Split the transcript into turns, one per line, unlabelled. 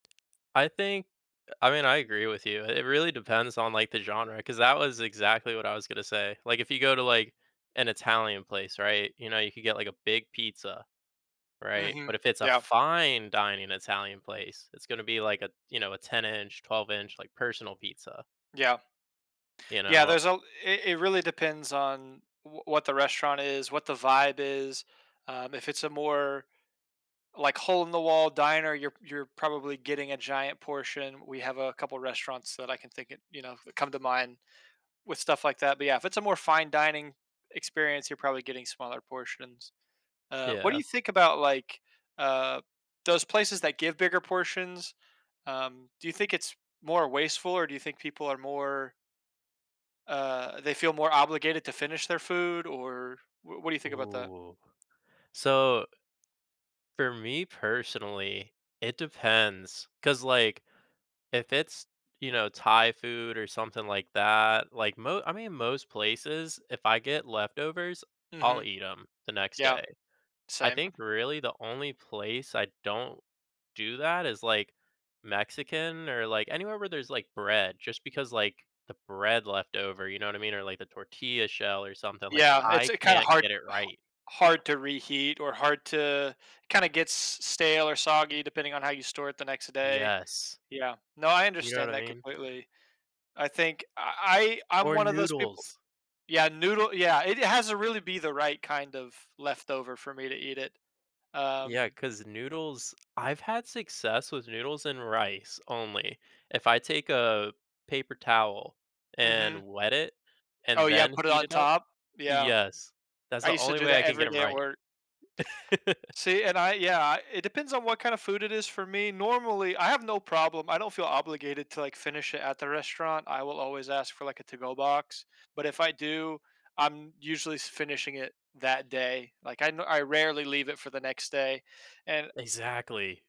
I think uh, I mean, I agree with you. It really depends on, like, the genre 'cause that was exactly what I was gonna say, like, if you go to, like, an Italian place, right? You know, you could get, like, a big pizza, right?
Mhm,
But if it's a
yeah.
fine dining Italian place, it's gonna be like a you know, a ten-inch, twelve-inch, like, personal pizza
Yeah.
you
Yeah,
know?
there's al i it really depends on wh what the restaurant is, what the vibe is, um, if it's a more, like, hole-in-the-wall diner, you're you're probably getting a giant portion. We have a couple restaurants that I can think it you know, that come to mind with stuff like that, but yeah, it's a more fine dining experience, you're probably getting smaller portions. Uh, what do
Yeah.
you think about, like, uh, those places that give bigger portions, um, do you think it's more wasteful or do you think people are more uh, they feel more obligated to finish their food or wh what do you think about that?
Ooh, so for me personally, it depends. 'Cause, like, if it's, you know, Thai food or something like that, like, mo I mean, most places, if I get leftovers, I'll
Mhm,
eat 'em the next
yeah,
day. I
same.
think, really, the only place I don't do that is, like, Mexican or, like, anywhere where there's, like, bread just because, like, the bread leftover, you know what I mean, or, like, the tortilla shell or something, like,
Yeah, it's,
I
uh, kinda
can't
hard
get it
ha
right.
hard to reheat or hard to kinda gets stale or soggy depending on how you store it the next day.
Yes.
Yeah, no, I
You know what
understand
I
that
mean?
completely. I think I I I'm
Or
one of those people
noodles.
Yeah, noodle yeah, it has a really be the right kind of leftover for me to eat it.
Yeah,
Um
'cause noodles I've had success with noodles and rice only. If I take a paper towel,
Mhm.
and wet it, and
Oh yeah,
then
put it
heat
on
it up
top? Yeah.
Yes, that's
I
the
used to
only
do
way I
that
can get
every
'em
day at
right.
work. See, and I yeah, uh, it depends on what kinda food it is for me. Normally, I have no problem, I don't feel obligated to, like, finish it at the restaurant. I will always ask for, like, a to-go box, but if I do, I'm usually s finishing it that day, like, I n I rarely leave it for the next day, and
Exactly.